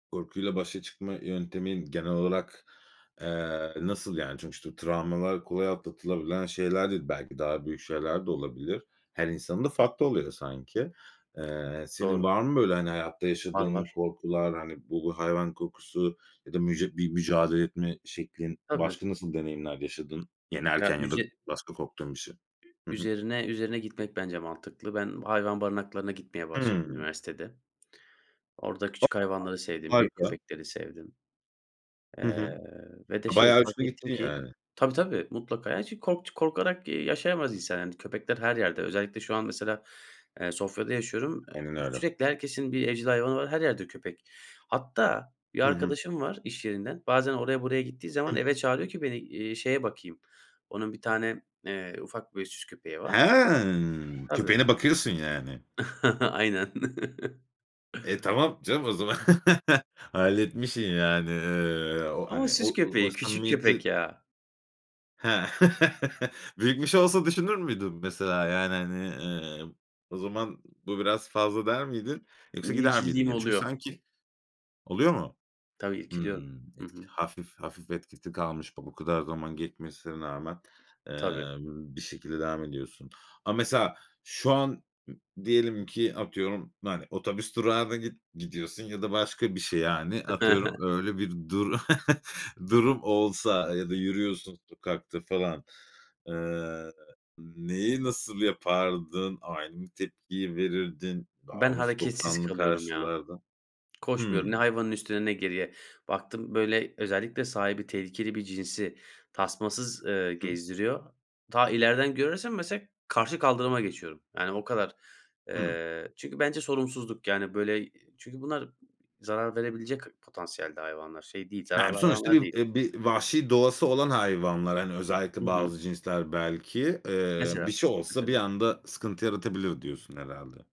Korkuyla başa çıkma yöntemin genel olarak, eee, nasıl yani? Çünkü şu travmalar kolay atlatılabilen şeyler değil, belki, daha büyük şeyler de olabilir. Her insanın da farklı oluyor sanki. Eee, senin Doğru. var mı, böyle, hani, hayatta Var yaşadığın var. korkular, hani, bu hayvan korkusu ya da mücü bir mücadele etme şeklin? Tabii. Başka nasıl deneyimler yaşadın? Ya Yenerken ya da üze başka korktuğun bir şey? Hı hı. Üzerine üzerine gitmek bence mantıklı. Ben hayvan barınaklarına gitmeye başladım Hıı. üniversitede. Orada küçük hayvanları sevdim, büyük Harika. köpekleri sevdim. Hı Eee, hı. ve de, A, şey, bayağı fark uçtun ettim gittin, ki, yani. tabii tabii mutlaka, yani, çünkü kork korkarak yaşayamaz insan, yani, köpekler her yerde. Özellikle şu an, mesela, eee, Sofya'da yaşıyorum. Eee, Aynen öyle. sürekli herkesin bir evcil hayvanı var, her yerde köpek. Hatta bir Hı hı. arkadaşım var, iş yerinden. Bazen oraya buraya gittiği zaman Hıh. eve çağırıyor ki beni, iii, şeye bakayım. Onun bir tane, eee, ufak böyle, süs köpeği var. Ha! Tabii. Köpeğine bakıyorsun, yani. Aynen. E, tamam canım o zaman. Halletmişsin, yani. Eee, o, Ama hani, süs o o köpeği, küçük köpek, samimiyeti. ya. Ha. Büyütmüş olsa düşünür müydün, mesela, yani, hani, eee, o zaman bu biraz fazla der miydin? Yoksa gider miydin İrkildiğim yani? Çünkü oluyor. sanki. Oluyor mu? Tabii irkiliyorum. Hımm. Hı Etki hı. hafif, hafif etkisi kalmış bu kadar zaman geçmesine rağmen, Tabii. eee, b bir şekilde devam ediyorsun ama mesela, şu an m diyelim ki atıyorum, hani, otobüs durağına git gidiyorsun ya da başka bir şey, yani, atıyorum öyle bir du durum olsa, ya da yürüyorsun sokakta falan. Eee, neyi, nasıl yapardın? Aynı mı tepkiyi verirdin? Daha Ben mı hareketsiz soğukkanlı kalıyorum, ya. karşılardın? Koşmuyorum. Ne Hımm. hayvanın üstüne, ne geriye. Baktım, böyle, özellikle sahibi tehlikeli bir cinsi tasmasız, eee, Hı. gezdiriyor. Ta ileriden görürsem mesela karşı kaldırıma geçiyorum. Yani, o kadar. Hıı. Eee, çünkü bence sorumsuzluk, yani, böyle, çünkü bunlar zarar verebilecek potansiyelde hayvanlar, şey değil, Eee, zararlı sonuçta hayvanlar bir, değil. eee, bir vahşi doğası olan hayvanlar, hani, Hı özellikle hı. bazı cinsler, belki, eee, Mesela. bir şey olsa bir Mesela. anda sıkıntı yaratabilir diyorsun herhâlde.